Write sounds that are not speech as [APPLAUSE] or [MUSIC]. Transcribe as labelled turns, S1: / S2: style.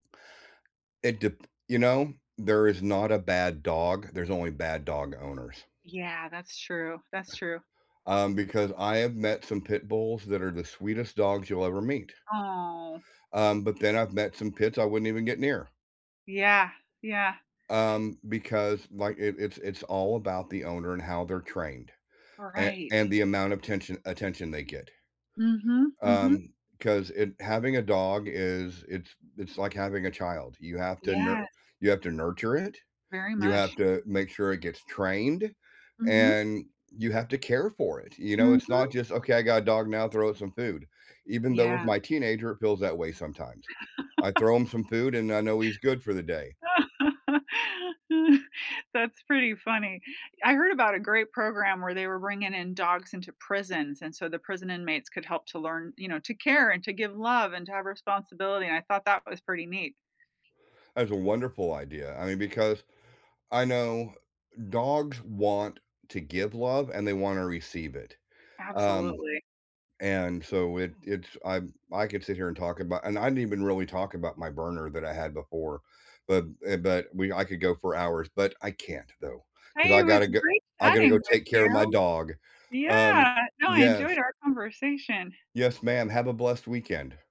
S1: It dep you know? There is not a bad dog, there's only bad dog owners.
S2: Yeah, that's true, that's true.
S1: Um, because I have met some Pit Bulls that are the sweetest dogs you'll ever meet.
S2: Oh.
S1: Um, but then I've met some Pits I wouldn't even get near.
S2: Yeah, yeah.
S1: Um, because, like, it it's it's all about the owner and how they're trained, a
S2: Right.
S1: and the amount of tention attention they get
S2: Mhm, mhm.
S1: um, 'cause it having a dog is it's it's like having a child: you have to nur
S2: Yes.
S1: you have to nurture it,
S2: Very
S1: you have
S2: much.
S1: to make sure it gets trained,
S2: Mhm.
S1: and you have to care for it, you know? It's not
S2: Mhm.
S1: just, "Okay, I got a dog now, throw it some food." Even though with
S2: Yeah.
S1: my teenager, it feels that way sometimes. I throw him some
S2: [LAUGHS]
S1: food, and I know he's good for the day.
S2: [LAUGHS] That's pretty funny. I heard about a great program where they were bringing in dogs into prisons, and so the prison inmates could help to learn, you know, to care and to give love and to have responsibility, and I thought that was pretty neat.
S1: That's a wonderful idea, I mean, because I know dogs want to give love, and they wanna receive it um,
S2: Absolutely.
S1: and so, it it's I I could sit here and talk about and I didn't even really talk about my burner that I had before, but eh but we I could go for hours, but I can't, though, 'cause
S2: Hey, it
S1: I
S2: was
S1: gotta g
S2: great
S1: I gotta
S2: chatting
S1: go
S2: with
S1: take care of my
S2: you.
S1: dog um,
S2: Yeah, no, I
S1: yes.
S2: enjoyed our conversation.
S1: Yes, ma'am, have a blessed weekend.